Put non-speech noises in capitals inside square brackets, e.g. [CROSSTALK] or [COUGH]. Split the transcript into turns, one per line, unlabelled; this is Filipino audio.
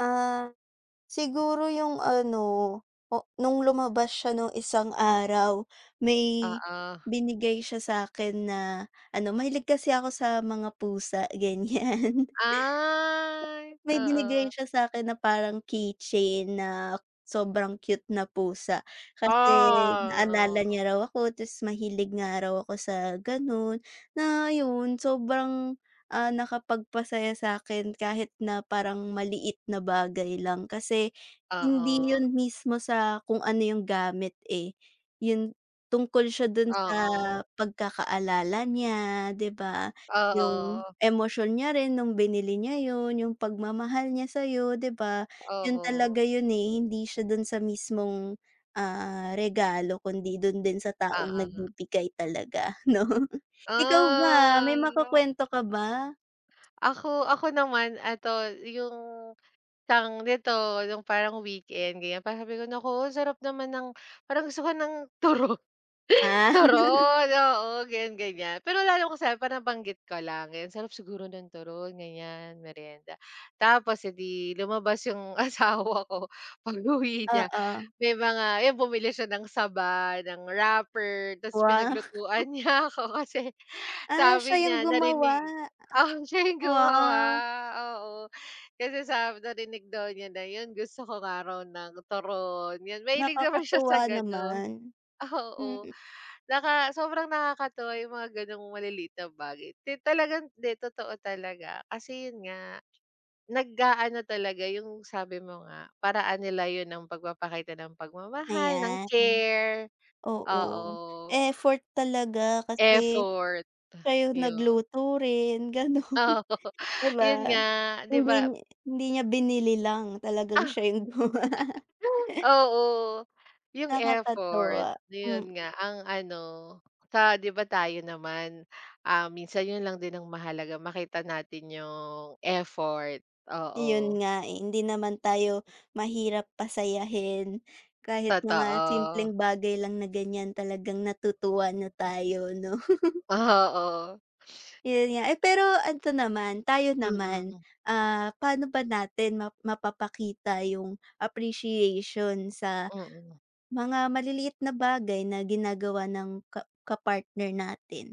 Ah, siguro yung ano, o nung lumabas siya nung isang araw, may
Oo.
binigay siya sakin na ano mahilig kasi ako sa mga pusa ganyan.
Ay,
May binigay
oo.
siya sakin na parang keychain na sobrang cute na pusa. Kasi naalala
Ah [UNINTELLIGIBLE]
niya raw ako ta's mahilig nga raw ako sa ganun. Na ayun, sobrang, ah, nakapagpasaya sakin kahit na parang maliit na bagay lang. Kasi hindi
Oo.
yun mismo sa kung ano yung gamit, eh. Yun, tungkol siya dun sa
Oo.
pagkakaalala niya di ba? Yung
Oo.
emosyon niya rin nung binili niya yun, yung pagmamahal niya sayo di ba? Yun
Oo.
talaga yun, eh. Hindi siya dun sa mismong, ah, regalo kundi dun din sa taong
Oo.
nagbibigay talaga no. Ikaw ba, may
Ah la.
makukwento ka ba?
Ako, ako naman ito yung tawag nito, yung parang weekend ganyan. Parang sabi ko, naku sarap naman ng parang gusto ko ng turo
Ah. [LAUGHS]
turon. Oo, ganyan-ganyan. Pero lalo ko sayo parang banggit ko lang, ayan sarap siguro ng turon ganyan, meryenda. Tapos, eh, di lumabas yung asawa ko. Pag-uwi niya,
Oo.
may mga yun, bumili siya ng saba, ng wrapper, ta's
Wow.
pinaglutuan niya ako. Kasi
Ah,
sabi
siya yung
niya,
gumawa.
narinig, ah, siya yung gumawa.
Wow.
Oo, kasi sabi narinig daw niya na yun gusto ko nga raw ng turon. Yun, mahilig naman siya sa
Nakakatuwa
ganon.
naman,
Oo,
mm.
naka sobrang nakakatuwa yung mga ganong malilit na bagay. Ti talagang di totoo talaga. Kasi yun nga, nag-aano talaga yung sabi mo nga, paraan nila yun ng pagpapakita ng pagmamahal, ng
Ayan,
care.
oo.
Oo.
Effort talaga kasi
Effort.
kayo
Ah yun.
nagluto rin ganun,
Oo,
di
yun
ba?
nga di
Hindi
ba
niya, hindi niya binili lang. Talagang siya yung gumawa.
[LAUGHS] Oo, yung effort.
Nakakatuwa, mm.
Yun nga ang ano sa Di ba Tayo naman, ah, minsan yun lang din ang mahalaga makita natin yung effort. Oo.
Yun nga, eh. Hindi naman tayo mahirap pasayahin. Kahit mga
Totoo.
simpleng bagay lang na ganyan, talagang natutuwa na tayo, no? [LAUGHS]
Oo.
Yun nga, eh. Pero ito naman, tayo naman.
Mm.
Ah, paano ba natin map mapapakita yung appreciation sa
Mm.
mga maliliit na bagay na ginagawa ng ka kapartner natin?